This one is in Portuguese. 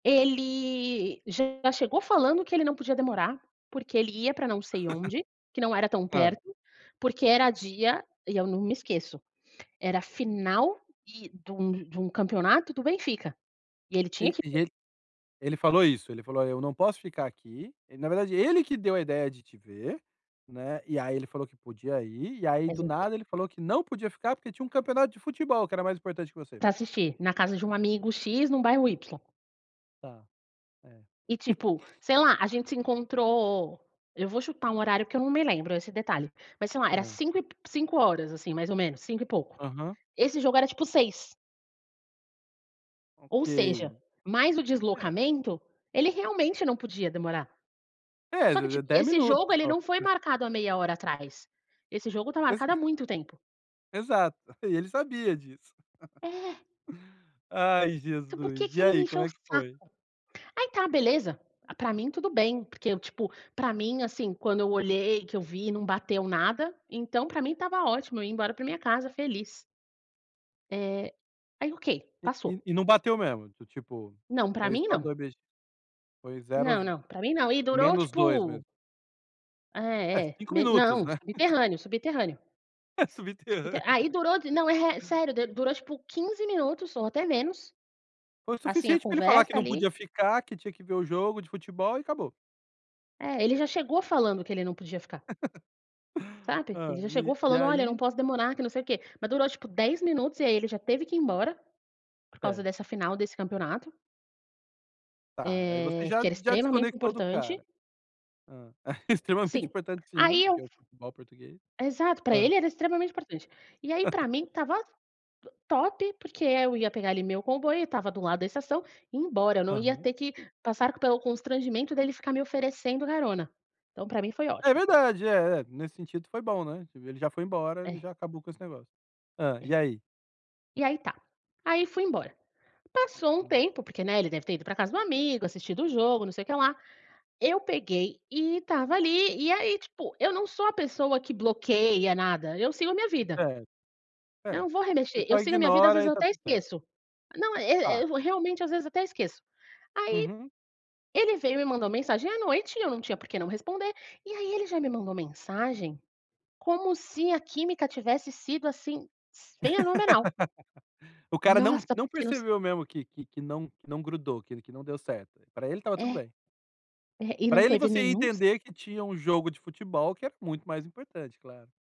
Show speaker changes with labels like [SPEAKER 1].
[SPEAKER 1] Ele, já chegou falando que ele não podia demorar, porque ele ia pra não sei onde, que não era tão
[SPEAKER 2] Hã.
[SPEAKER 1] perto, porque era dia e eu não me esqueço. Era final e de um de um de um campeonato do Benfica, e ele tinha
[SPEAKER 2] Ele
[SPEAKER 1] que
[SPEAKER 2] ele ele falou isso? Ele falou: "Eu não posso ficar aqui", e na verdade, ele que deu a ideia de te ver, né, e aí, ele falou que podia ir, e aí, do
[SPEAKER 1] Exato.
[SPEAKER 2] nada ele falou que não podia ficar, porque tinha um campeonato de futebol que era mais importante que você.
[SPEAKER 1] Pra assistir, na casa de um amigo x, num bairro y.
[SPEAKER 2] Tá. É.
[SPEAKER 1] E tipo, sei lá, a gente se encontrou eu vou chutar um horário que eu não me lembro esse detalhe, mas, sei lá, era
[SPEAKER 2] Hã.
[SPEAKER 1] cinco e p 17h, assim, mais ou menos, cinco e pouco,
[SPEAKER 2] Aham.
[SPEAKER 1] esse jogo era, tipo, 18h. Ou
[SPEAKER 2] Ok,
[SPEAKER 1] seja, mais o
[SPEAKER 2] é.
[SPEAKER 1] deslocamento, ele realmente não podia demorar,
[SPEAKER 2] É,
[SPEAKER 1] só que,
[SPEAKER 2] de de
[SPEAKER 1] tip
[SPEAKER 2] 10
[SPEAKER 1] esse jogo,
[SPEAKER 2] minutos
[SPEAKER 1] ele
[SPEAKER 2] só,
[SPEAKER 1] não foi
[SPEAKER 2] pois.
[SPEAKER 1] marcado há meia hora atrás, esse jogo tá
[SPEAKER 2] Exa
[SPEAKER 1] marcado há muito tempo.
[SPEAKER 2] exato, e ele sabia disso.
[SPEAKER 1] É.
[SPEAKER 2] Ai,
[SPEAKER 1] Então, por que
[SPEAKER 2] Jesus!
[SPEAKER 1] que
[SPEAKER 2] E
[SPEAKER 1] ele me
[SPEAKER 2] aí, como
[SPEAKER 1] encheu o
[SPEAKER 2] é que
[SPEAKER 1] saco?
[SPEAKER 2] foi?
[SPEAKER 1] Aí tá beleza, a pra mim tudo bem, porque eu, tipo, pra mim, assim, quando eu olhei, que eu vi, não bateu nada, então, pra mim estava ótimo, eu ia embora pra minha casa feliz. Eh, aí ok,
[SPEAKER 2] E e
[SPEAKER 1] passou.
[SPEAKER 2] e não bateu mesmo, do tipo,
[SPEAKER 1] Não, pra
[SPEAKER 2] foi
[SPEAKER 1] mim
[SPEAKER 2] só
[SPEAKER 1] não.
[SPEAKER 2] 2 beijin foi zero a z
[SPEAKER 1] Não não, pra mim não, e durou,
[SPEAKER 2] menos dois
[SPEAKER 1] tipo
[SPEAKER 2] mesmo? É
[SPEAKER 1] É, é,
[SPEAKER 2] 5
[SPEAKER 1] me
[SPEAKER 2] minutos
[SPEAKER 1] não,
[SPEAKER 2] né?
[SPEAKER 1] subterrâneo, subterrâneo.
[SPEAKER 2] É subterrânea.
[SPEAKER 1] Subterrâ aí, durou, de não, eh, sério, durou, tipo, 15 minutos ou até menos,
[SPEAKER 2] Foi o
[SPEAKER 1] assim, a
[SPEAKER 2] suficiente pra ele falar
[SPEAKER 1] conversa,
[SPEAKER 2] que não
[SPEAKER 1] ali
[SPEAKER 2] podia ficar, que tinha que ver o jogo de futebol e acabou.
[SPEAKER 1] É, ele já chegou falando que ele não podia ficar sabe.
[SPEAKER 2] Hã,
[SPEAKER 1] Ele já chegou
[SPEAKER 2] e e
[SPEAKER 1] falando: "Olha, eu não
[SPEAKER 2] aí.
[SPEAKER 1] posso demorar, que não sei o quê", mas durou, tipo, 10 minutos, e aí, ele já teve que ir embora, por causa
[SPEAKER 2] Certo.
[SPEAKER 1] dessa final desse campeonato
[SPEAKER 2] Tá, aí você
[SPEAKER 1] eh,
[SPEAKER 2] já
[SPEAKER 1] que era
[SPEAKER 2] já
[SPEAKER 1] extremamente
[SPEAKER 2] desconectou do
[SPEAKER 1] importante.
[SPEAKER 2] cara. Hum, extremamente
[SPEAKER 1] Sim,
[SPEAKER 2] importante sim
[SPEAKER 1] aí
[SPEAKER 2] que
[SPEAKER 1] eu
[SPEAKER 2] é o futebol português.
[SPEAKER 1] Exato, pra
[SPEAKER 2] Hã.
[SPEAKER 1] ele era extremamente importante, e aí, pra mim estava, to top porque, eh, eu ia pegar, ali, meu comboio, estava do lado da estação e ir embora, eu não ia
[SPEAKER 2] Aham.
[SPEAKER 1] ter que passar pelo constrangimento dele ficar me oferecendo carona, então pra mim foi
[SPEAKER 2] É
[SPEAKER 1] ótimo.
[SPEAKER 2] verdade é, nesse sentido foi bom, né, ele já foi embora,
[SPEAKER 1] É.
[SPEAKER 2] já acabou com esse negócio. Hã, e
[SPEAKER 1] É.
[SPEAKER 2] aí?
[SPEAKER 1] E aí, tá, aí, fui embora. Passou um
[SPEAKER 2] Hum.
[SPEAKER 1] tempo, porque, né, ele deve ter ido pra casa do amigo, assistido o jogo, não sei o que lá, eu peguei e estava, ali, e aí, tipo, eu não sou a pessoa que bloqueia nada, eu sigo a minha vida
[SPEAKER 2] É,
[SPEAKER 1] eu
[SPEAKER 2] é,
[SPEAKER 1] não vou
[SPEAKER 2] você
[SPEAKER 1] remexer, eu
[SPEAKER 2] só
[SPEAKER 1] sigo a minha vida, às
[SPEAKER 2] ignora
[SPEAKER 1] vezes
[SPEAKER 2] e tá
[SPEAKER 1] até
[SPEAKER 2] tudo certo.
[SPEAKER 1] esqueço. Não, eh eh,
[SPEAKER 2] Tá.
[SPEAKER 1] eu realmente, às vezes, até esqueço. Aí,
[SPEAKER 2] Uhum.
[SPEAKER 1] ele veio e me mandou mensagem à noite, eu não tinha porque não responder. E aí ele já me mandou mensagem, como se a química tivesse sido, assim, fenomenal.
[SPEAKER 2] O cara não
[SPEAKER 1] Nnossa!
[SPEAKER 2] não
[SPEAKER 1] Porque não sei
[SPEAKER 2] percebeu mesmo que que que não que não grudou, que ele que não deu certo, pra ele estava tudo
[SPEAKER 1] É.
[SPEAKER 2] bem.
[SPEAKER 1] É, e não
[SPEAKER 2] Para ele
[SPEAKER 1] teve
[SPEAKER 2] você ia
[SPEAKER 1] nenhum si
[SPEAKER 2] entender que tinha um jogo de futebol que era muito mais importante, claro.